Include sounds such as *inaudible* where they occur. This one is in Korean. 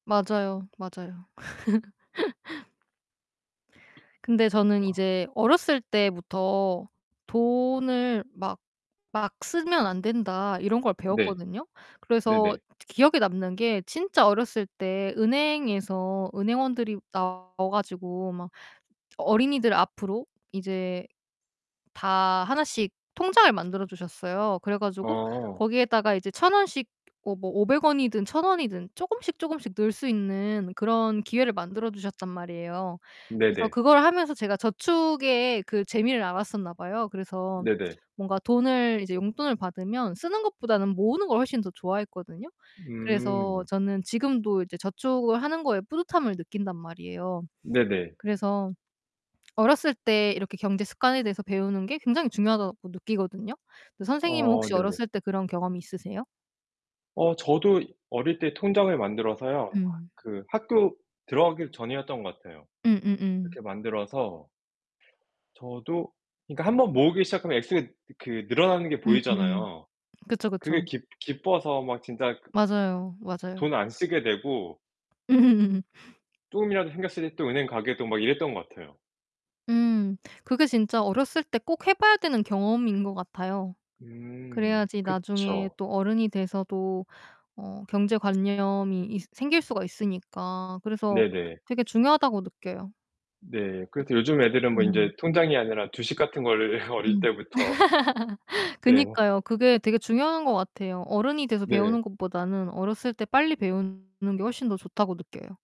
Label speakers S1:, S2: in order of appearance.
S1: 맞아요, 맞아요. *laughs* 근데 저는
S2: 아.
S1: 이제 어렸을 때부터 "돈을 막, 막 쓰면 안 된다." 이런 걸
S2: 네.
S1: 배웠거든요. 그래서
S2: 네네.
S1: 기억에 남는 게 진짜 어렸을 때 은행에서 은행원들이 나와 가지고 막 어린이들 앞으로 이제 다 하나씩 통장을 만들어 주셨어요. 그래 가지고
S2: 어.
S1: 거기에다가 이제 1,000 원씩 어 뭐 500 원이든 1,000 원이든 쪼금씩 쪼금씩 넣을 수 있는 그런 기회를 만들어 주셨단 말이에요. 그래서
S2: 네네.
S1: 그걸 하면서 제가 저축의 그 재미를 알았었나 봐요. 그래서
S2: 네네.
S1: 뭔가 돈을 이제 용돈을 받으면 쓰는 것보다는 모으는 걸 훨씬 더 좋아했거든요. 그래서
S2: 음.
S1: 저는 지금도 이제 저축을 하는 거에 뿌듯함을 느낀단 말이에요.
S2: 네네.
S1: 그래서 어렸을 때 이렇게 경제 습관에 대해서 배우는 게 굉장히 중요하다고 느끼거든요. 그 선생님은
S2: 어
S1: 혹시
S2: 네네.
S1: 어렸을 때 그런 경험이 있으세요?
S2: 어 저도 어릴 때 통장을 만들어서요.
S1: 음.
S2: 그 학교 들어가기 전이었던 것 같아요.
S1: 음음음.
S2: 이렇게 만들어서 저도 그러니까 1 번 모으기 시작하면 액수 그 늘어나는 게
S1: 음음음.
S2: 보이잖아요.
S1: 그쵸, 그쵸.
S2: 그게 기 기뻐서 막 진짜
S1: 맞아요, 맞아요.
S2: 돈 안 쓰게 되고
S1: 음.
S2: 쪼금이라도 생겼으니 또 은행 가게도 막 이랬던 것 같아요.
S1: 음. 그게 진짜 어렸을 때 꼭 해 봐야 되는 경험인 것 같아요.
S2: 음
S1: 그래야지 나중에
S2: 그쵸.
S1: 또 어른이 돼서도 어 경제 관념이 있 생길 수가 있으니까 그래서
S2: 네네.
S1: 되게 중요하다고 느껴요.
S2: 네. 그래서 요즘 애들은
S1: 그
S2: 뭐
S1: 음.
S2: 인제 통장이 아니라 주식 같은 거를 어릴
S1: 음.
S2: 때부터.
S1: *laughs*
S2: 네.
S1: 그니까요. 그게 되게 중요한 것 같아요. 어른이 돼서 배우는
S2: 네.
S1: 것 보다는 어렸을 때 빨리 배우는 게 훨씬 더 좋다고 느껴요.